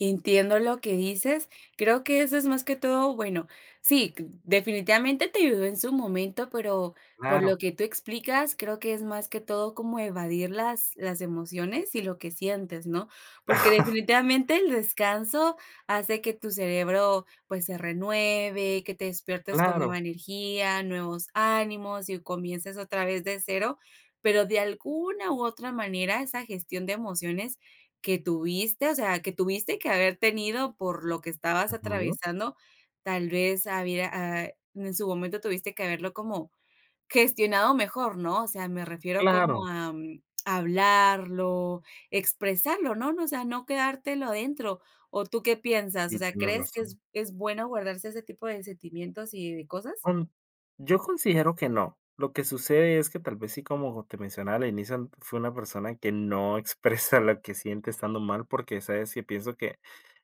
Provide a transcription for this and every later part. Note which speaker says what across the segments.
Speaker 1: Entiendo lo que dices, creo que eso es más que todo, bueno, sí, definitivamente te ayudó en su momento, pero por lo
Speaker 2: Claro.
Speaker 1: que tú explicas, creo que es más que todo como evadir las las emociones y lo que sientes, ¿no? Porque, definitivamente, el descanso hace que tu cerebro, pues, se renueve, que te despiertes con
Speaker 2: Claro.
Speaker 1: nueva energía, nuevos ánimos y comiences otra vez de cero, pero, de alguna u otra manera, esa gestión de emociones que tuviste, o sea, que tuviste que haber tenido por lo que estabas
Speaker 2: Ujú.
Speaker 1: atravesando, tal vez había, eh, en su momento tuviste que haberlo como gestionado mejor, ¿no? O sea, me refiero como
Speaker 2: Claro.
Speaker 1: a hablarlo, expresarlo, ¿no? No, o sea, no quedártelo adentro, ¿o tú qué piensas? O
Speaker 2: Y
Speaker 1: sea,
Speaker 2: tienes
Speaker 1: ¿crees que
Speaker 2: razón.
Speaker 1: es es bueno guardarse ese tipo de sentimientos y de cosas?
Speaker 2: Mm, yo considero que no, lo que sucede es que tal vez sí, como te mencionaba al inicio, fue una persona que no expresa lo que siente estando mal, porque, ¿sabes?, yo pienso que,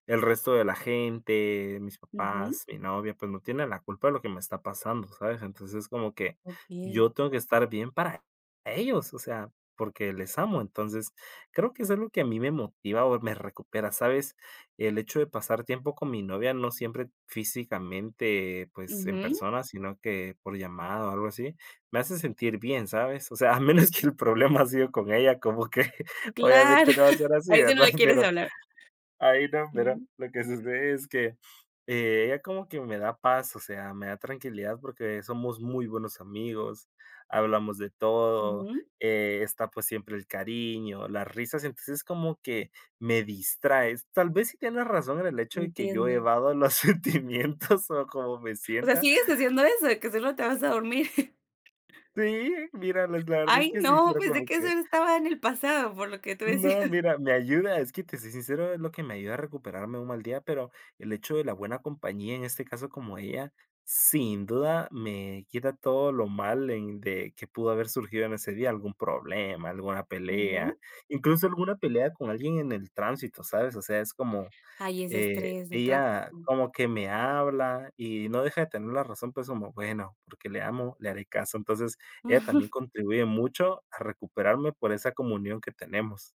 Speaker 2: el resto de la gente, mis
Speaker 1: Ujú.
Speaker 2: papás, mi novia, pues, no tiene la culpa de lo que me está pasando, ¿sabes? Entonces, como que
Speaker 1: Okey.
Speaker 2: yo tengo que estar bien para ellos, o sea, porque les amo. Entonces, creo que es algo que a mí me motiva o me recupera, ¿sabes? El hecho de pasar tiempo con mi novia, no siempre físicamente, pues en
Speaker 1: Ujú.
Speaker 2: persona, sino que por llamada o algo así, me hace sentir bien, ¿sabes? O sea, a menos que el problema ha sido con ella, como que
Speaker 1: Claro,
Speaker 2: obviamente no va ser
Speaker 1: a
Speaker 2: así,
Speaker 1: veces no
Speaker 2: ¿verdad?
Speaker 1: le quieres
Speaker 2: Pero
Speaker 1: hablar.
Speaker 2: ahí no, pero
Speaker 1: Mm.
Speaker 2: lo que sucede es que ella como que me da paz, o sea, me da tranquilidad porque somos muy buenos amigos, hablamos de todo,
Speaker 1: Ujú.
Speaker 2: eh, está, pues, siempre el cariño, las risas, entonces, como que me distrae. Tal vez sí tienes razón el hecho de que yo
Speaker 1: Entiendo.
Speaker 2: evado los sentimientos o cómo me
Speaker 1: O sea,
Speaker 2: sienta.
Speaker 1: ¿sigues haciendo eso, de que solo te vas a dormir?
Speaker 2: Sí, mira, pues, la verdad es
Speaker 1: Ay,
Speaker 2: que sí,
Speaker 1: no,
Speaker 2: pero
Speaker 1: pues, de
Speaker 2: como
Speaker 1: qué
Speaker 2: que
Speaker 1: solo estaba en el pasado, por lo que tú
Speaker 2: No,
Speaker 1: decías.
Speaker 2: mira, me ayuda, es que te soy sincero, es lo que me ayuda a recuperarme un mal día, pero el hecho de la buena compañía, en este caso como ella, sin duda me quita todo lo mal en de que pudo haber surgido en ese día, algún problema, alguna pelea,
Speaker 1: Ujú.
Speaker 2: incluso alguna pelea con alguien en el tránsito, sabes, o sea, es como,
Speaker 1: Ay, es
Speaker 2: eh,
Speaker 1: estrés, del
Speaker 2: ella
Speaker 1: tráfico.
Speaker 2: como que me habla y no deja de tener la razón, pues, como bueno, porque le amo, le haré caso. Entonces, ella también contribuye mucho a recuperarme por esa comunión que tenemos.